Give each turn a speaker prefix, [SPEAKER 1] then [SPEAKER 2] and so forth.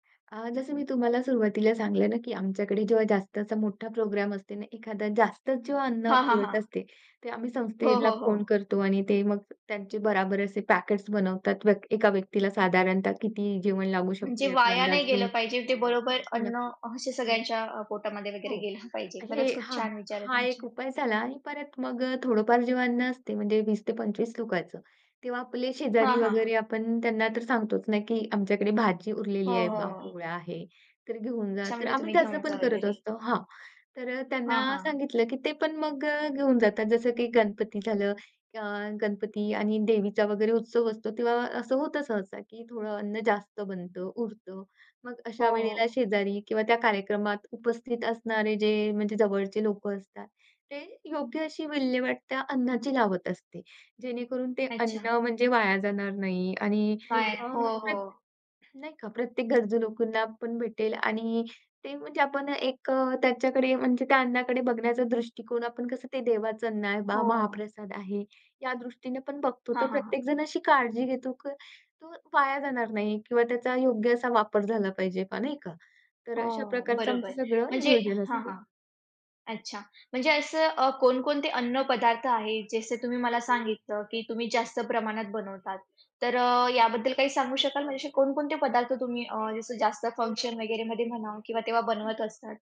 [SPEAKER 1] अ, जसं मी तुम्हाला सुरुवातीला सांगितलं ना, की आमच्याकडे जेव्हा जास्त असा मोठा प्रोग्राम असतो ना, एखादा जास्तच जेव्हा अन्न
[SPEAKER 2] हां, हां,
[SPEAKER 1] उरत
[SPEAKER 2] हां.
[SPEAKER 1] असते, ते आम्ही
[SPEAKER 2] हो,
[SPEAKER 1] संस्थेला
[SPEAKER 2] हो, हो.
[SPEAKER 1] फोन करतो आणि ते मग त्यांचे बराबर असे पॅकेट्स बनवतात, व्यक्ती एका व्यक्तीला साधारणतः किती जेवण लागू
[SPEAKER 2] म्हणजे
[SPEAKER 1] शकते याचा
[SPEAKER 2] वाया नाही
[SPEAKER 1] अंदाज
[SPEAKER 2] गेलं
[SPEAKER 1] घेऊन.
[SPEAKER 2] पाहिजे, ते बरोबर,
[SPEAKER 1] नक्की,
[SPEAKER 2] अन्न
[SPEAKER 1] नक्की.
[SPEAKER 2] असे सगळ्यांच्या अ, पोटामध्ये वगैरे
[SPEAKER 1] हो,
[SPEAKER 2] गेलं पाहिजे.
[SPEAKER 1] हे
[SPEAKER 2] खरंच, खूप
[SPEAKER 1] हां,
[SPEAKER 2] छान विचार आहेत
[SPEAKER 1] हा एक
[SPEAKER 2] तुमचे.
[SPEAKER 1] उपाय झाला आणि परत मग अ, थोडंफार जे अन्न असते, म्हणजे 20 ते 25 लोकांचं तेव्हा आपले
[SPEAKER 2] हां,
[SPEAKER 1] शेजारी
[SPEAKER 2] हां, हां.
[SPEAKER 1] वगैरे, आपण त्यांना तर सांगतोच ना, की आमच्याकडे भाजी
[SPEAKER 2] हो,
[SPEAKER 1] उरलेली आहे
[SPEAKER 2] हो,
[SPEAKER 1] बा,
[SPEAKER 2] हो.
[SPEAKER 1] पोळ्या आहे, तर घेऊन जा.
[SPEAKER 2] अच्छा,
[SPEAKER 1] तर
[SPEAKER 2] म्हणजे
[SPEAKER 1] आम्ही
[SPEAKER 2] तुम्ही
[SPEAKER 1] त्याच
[SPEAKER 2] घेऊन जा
[SPEAKER 1] पण करत
[SPEAKER 2] वगैरे.
[SPEAKER 1] असतो हां, तर अ,
[SPEAKER 2] हां,
[SPEAKER 1] त्यांना
[SPEAKER 2] हां.
[SPEAKER 1] सांगितलं, की ते पण मग अ, घेऊन जातात. जसं की गणपती झालं अ, गणपती आणि देवीचा वगैरे उत्सव असतो, तेव्हा असं होतं सहसा, की थोडं अन्न जास्त बनतं, उरतं मग
[SPEAKER 2] हो,
[SPEAKER 1] अशा वेळेला
[SPEAKER 2] हो.
[SPEAKER 1] शेजारी किंवा त्या कार्यक्रमात उपस्थित असणारे जे म्हणजे जवळचे लोकं असतात, ते योग्य अशी विल्हेवाट त्या अन्नाची लावत असते, जेणेकरून ते
[SPEAKER 2] अच्छा.
[SPEAKER 1] अन्न म्हणजे वाया जाणार नाही. आणि
[SPEAKER 2] वाया,
[SPEAKER 1] अं,
[SPEAKER 2] हो,
[SPEAKER 1] प्र
[SPEAKER 2] हो.
[SPEAKER 1] नाही का, प्रत्येक गरजू लोकांना पण भेटेल आणि ते म्हणजे आपण एक अ, त्याच्याकडे, म्हणजे त्या अन्नाकडे बघण्याचा दृष्टीकोन, आपण कसं ते देवाचं अन्न आहे बा,
[SPEAKER 2] हो.
[SPEAKER 1] महाप्रसाद आहे या दृष्टीने पण बघतो,
[SPEAKER 2] हां,
[SPEAKER 1] तर
[SPEAKER 2] हां, हां.
[SPEAKER 1] प्रत्येक जण अशी काळजी घेतो, की तो वाया जाणार नाही किंवा त्याचा योग्य असा वापर झाला पाहिजे बा नाही का. तर अशा
[SPEAKER 2] हो,
[SPEAKER 1] प्रकारचं
[SPEAKER 2] बरोबर.
[SPEAKER 1] आमचं सगळं
[SPEAKER 2] म्हणजे
[SPEAKER 1] नियोजन
[SPEAKER 2] हां,
[SPEAKER 1] असते.
[SPEAKER 2] हां. अच्छा, म्हणजे असं अ, कोणकोणते अन्न पदार्थ आहेत, जसं तुम्ही मला सांगितलं की तुम्ही जास्त प्रमाणात बनवतात, तर अ, याबद्दल काही सांगू शकाल म्हणजे कोणकोणते पदार्थ तुम्ही अ, जसं जास्त फंक्शन वगैरे मध्ये म्हणा किंवा तेव्हा
[SPEAKER 1] हं,
[SPEAKER 2] बनवत
[SPEAKER 1] हं.
[SPEAKER 2] असतात?